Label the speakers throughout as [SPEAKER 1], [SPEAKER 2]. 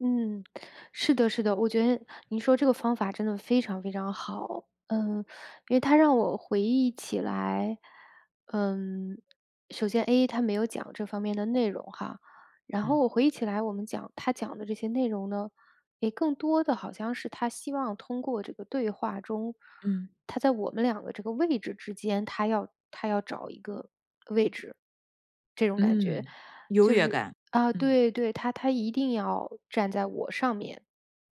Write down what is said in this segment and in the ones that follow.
[SPEAKER 1] 嗯，是的是的，我觉得你说这个方法真的非常非常好。嗯，因为他让我回忆起来嗯，首先 A，他没有讲这方面的内容哈，然后
[SPEAKER 2] 嗯。
[SPEAKER 1] 我回忆起来我们讲他讲的这些内容呢，也更多的好像是他希望通过这个对话中，
[SPEAKER 2] 嗯。
[SPEAKER 1] 他在我们2个这个位置之间，他要他要找一个位置。这种感觉
[SPEAKER 2] 嗯，优
[SPEAKER 1] 就
[SPEAKER 2] 越
[SPEAKER 1] 是
[SPEAKER 2] 感，
[SPEAKER 1] 啊，
[SPEAKER 2] 嗯。
[SPEAKER 1] 对对，他他一定要站在我上面，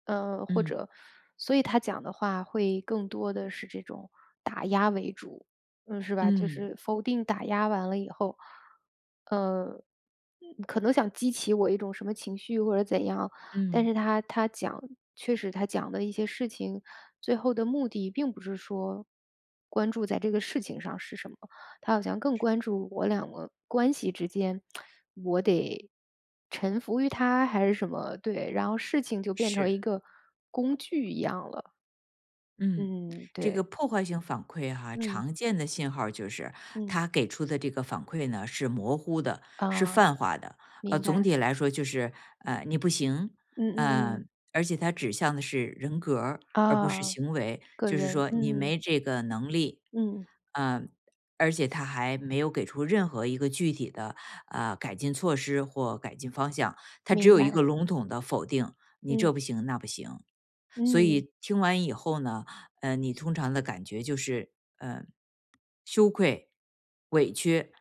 [SPEAKER 1] 呃，或
[SPEAKER 2] 嗯。
[SPEAKER 1] 者所以他讲的话会更多的是这种打压为主，嗯，是吧。就
[SPEAKER 2] 嗯。
[SPEAKER 1] 是否定打压完了以后，呃，可能想激起我一种什么情绪或者怎样，但
[SPEAKER 2] 嗯。
[SPEAKER 1] 是他他讲确实他讲的一些事情，最后的目的并不是说，关注在这个事情上是什么，他好像更关注我2个关系之间，我得臣服于他还是什么，对，然后事情就变成一
[SPEAKER 2] 是。
[SPEAKER 1] 个工具一样了。
[SPEAKER 2] 嗯，
[SPEAKER 1] 嗯，
[SPEAKER 2] 这个
[SPEAKER 1] 对。
[SPEAKER 2] 破坏性反馈哈，
[SPEAKER 1] 嗯。
[SPEAKER 2] 常见的信号儿就是
[SPEAKER 1] 嗯。
[SPEAKER 2] 他给出的这个反馈呢，是模糊的，是
[SPEAKER 1] 呃，
[SPEAKER 2] 泛化的。呃，
[SPEAKER 1] 明
[SPEAKER 2] 总
[SPEAKER 1] 白。
[SPEAKER 2] 体来说就是，呃，你不行，
[SPEAKER 1] 嗯嗯
[SPEAKER 2] 呃，
[SPEAKER 1] 嗯。
[SPEAKER 2] 而且他指向的是人格儿而不是
[SPEAKER 1] 啊，
[SPEAKER 2] 行为，
[SPEAKER 1] 个
[SPEAKER 2] 就是
[SPEAKER 1] 人，
[SPEAKER 2] 说你
[SPEAKER 1] 嗯。
[SPEAKER 2] 没这个能力。
[SPEAKER 1] 嗯。
[SPEAKER 2] 呃，而且他还没有给出任何一个具体的，呃，改进措施或改进方向，他只
[SPEAKER 1] 明
[SPEAKER 2] 有一个
[SPEAKER 1] 白。
[SPEAKER 2] 笼统的否定，你
[SPEAKER 1] 嗯。
[SPEAKER 2] 这不行那不行。所
[SPEAKER 1] 嗯。
[SPEAKER 2] 以听完以后呢，呃，你通常的感觉就是，呃，羞愧、委屈，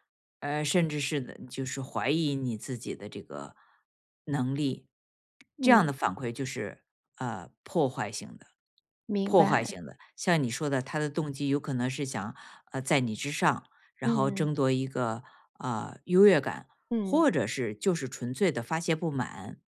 [SPEAKER 2] 呃，甚至是就是怀疑你自己的这个能力，这样的
[SPEAKER 1] 嗯。
[SPEAKER 2] 反馈就是，呃，破坏性的
[SPEAKER 1] 明
[SPEAKER 2] 破坏
[SPEAKER 1] 白。
[SPEAKER 2] 性的，像你说的，他的动机有可能是想，呃，在你之上，然后
[SPEAKER 1] 嗯。
[SPEAKER 2] 争夺一个，呃，优越感，
[SPEAKER 1] 嗯。
[SPEAKER 2] 或者是就是纯粹地发泄不满。